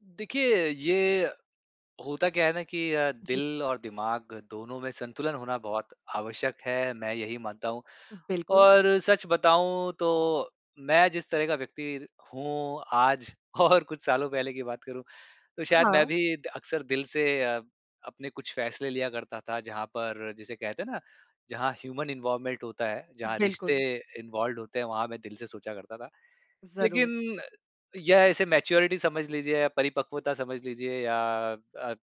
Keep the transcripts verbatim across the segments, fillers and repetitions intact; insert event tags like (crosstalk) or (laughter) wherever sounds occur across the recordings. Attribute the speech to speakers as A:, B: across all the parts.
A: देखिए ये होता क्या है ना कि अ,
B: जी।
A: दिल और दिमाग़ दोनों में संतुलन होना बहुत आवश्यक है मैं यही मानता हूँ।
B: बिल्कुल।
A: और सच बताऊँ तो मैं जिस तरह का व्यक्ति हूँ आज और कुछ सालों पहले की बात करूँ तो शायद मैं
B: हाँ।
A: भी अ अक्सर दिल से अ, अपने कुछ फ़ैसले लिया करता था जहाँ पर जिसे कहते हैं ना जहाँ ह्यूमन इन्वॉल्वमेंट होता है जहाँ रिश्ते
B: बिल्कुल।
A: इन्वॉल्व्ड होते हैं वहाँ मैं दिल से सोचा करता था।
B: ज़रूर।
A: लेक़िन या इसे मैच्योरिटी समझ लीजिए या परिपक्वता समझ लीजिए या अ,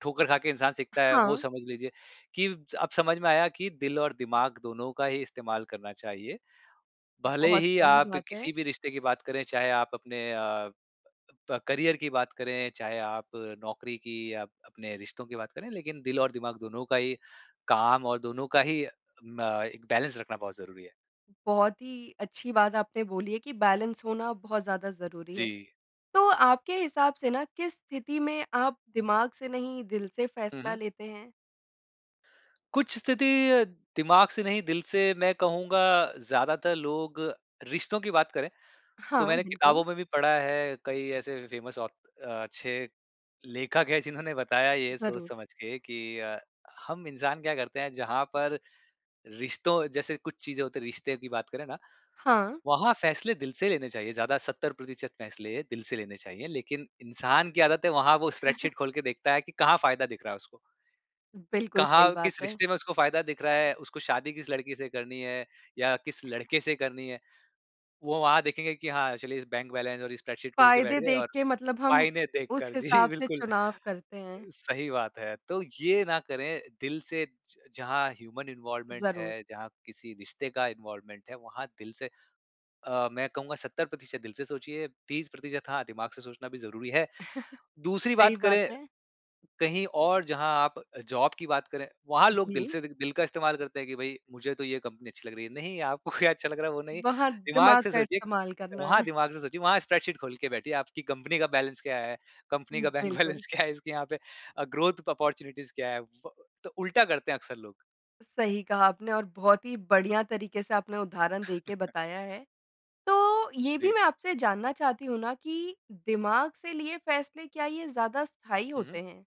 A: ठोकर ख़ा के इंसान सीखता है वो
B: हाँ।
A: समझ लीजिए कि ज अब समझ में आया कि दिल और दिमाग़ दोनों का ही इस्तेमाल करना चाहिए। भले
B: बहुत
A: ही
B: सही
A: आप
B: बात है।
A: किसी भी रिश्ते की बात करें चाहे आप अपने अ, प करियर की बात करें, चाहे आप नौकरी की आप या अपने रिश्तों की बात करें लेकिन दिल और दिमाग़ दोनों का ही काम और दोनों का ही म एक बैलेंस रखना बहुत ज़रूरी है।
B: बहुत ही अच्छी बात आपने बोली है कि बैलेंस होना बहुत ज़्यादा ज़रूरी है।
A: जी।
B: तो आपके हिसाब से ना किस स्थिति में आप दिमाग़ से नहीं दिल से
A: हुँ,
B: फ़ैसला
A: हुँ।
B: लेते हैं?
A: कुछ स्थिति अ, दिमाग़ से नहीं दिल से मैं कहूँगा ज़्यादातर लोग रिश्तों की बात करें तो
B: हाँ
A: मैंने किताबों
B: बिल्कुल।
A: में भी पढ़ा है कई ऐसे फ़ेमस ऑथ अ, अच्छे लेखक हैं जिन्होंने बताया ये सोच
B: ज़रूर।
A: समझ के कि अ, हम इंसान क्या करते हैं जहाँ पर रिश्तों जैसे कुछ चीज़ें होती हैं रिश्ते की बात करें ना।
B: हाँ।
A: वहाँ फ़ैसले दिल से लेने चाहिए ज़्यादा सत्तर प्रतिशत फ़ैसले दिल से लेने चाहिए। लेकिन इंसान की आदत है वहाँ वो
B: (chuckles)
A: स्प्रेडशीट ख़ोल के देखता है कि कहाँ फ़ायदा दिख रहा है उसको।
B: बिल्कुल सही
A: कहाँ
B: बात
A: किस
B: है।
A: रिश्ते में उसको फ़ायदा दिख रहा है, उसको शादी किस लड़की से करनी है या किस लड़के से करनी है। वो वहाँ देखेंगे की हाँ चलिए इस बैंक बैलेंस और स्प्रेडशीट ख़ोल के बैठ
B: फ़ायदे
A: गए और
B: देख के मतलब हम
A: फ़ायने देख
B: उस
A: कर जी
B: हिसाब से
A: बिल्कुल
B: चुनाव करते हैं।
A: सही बात है। तो ये ना करें दिल से ज जहाँ ह्यूमन इन्वॉल्वमेंट
B: ज़रूर।
A: है जहाँ किसी रिश्ते का इन्वॉल्वमेंट है वहाँ दिल से अ, मैं कहूँगा सत्तर प्रतिशत दिल से सोचिए तीस प्रतिशत हाँ दिमाग़ से सोचना भी ज़रूरी है।
B: (chuckles)
A: दूसरी
B: सही
A: बात
B: बात
A: करें
B: है।
A: कहीं और जहाँ आप जॉब की बात करें वहाँ लोग दिल
B: जी।
A: से दि दिल का इस्तेमाल करते हैं कि भाई मुझे तो ये कंपनी अच्छी लग रही है। नहीं आपको अच्छा लग रहा है वो नहीं
B: वहाँ
A: दिमाग़
B: दिमाग
A: से
B: का
A: सोचिए,
B: इस्तेमाल करना
A: वहाँ
B: है।
A: दिमाग से सोचिए वहाँ स्प्रेडशीट ख़ोल के बैठिए आपकी कंपनी का बैलेंस क्या है? कंपनी का बैंक
B: बिल्कुल।
A: बैलेंस क्या है इसके यहाँ पे अ, ग्रोथ ऑपॉर्च्युनिटीज़ क्या है? व तो उल्टा करते हैं अक्सर लोग।
B: सही कहा आपने और बहुत ही बढ़िया तरीक़े से आपने उदाहरण देके
A: (chuckles)
B: बताया है। तो ये भी
A: जी।
B: मैं आपसे जानना चाहती हूँ ना कि दिमाग से लिए फ़ैसले क्या ये ज़्यादा स्थायी
A: हुँ,
B: होते
A: हुँ।
B: हैं?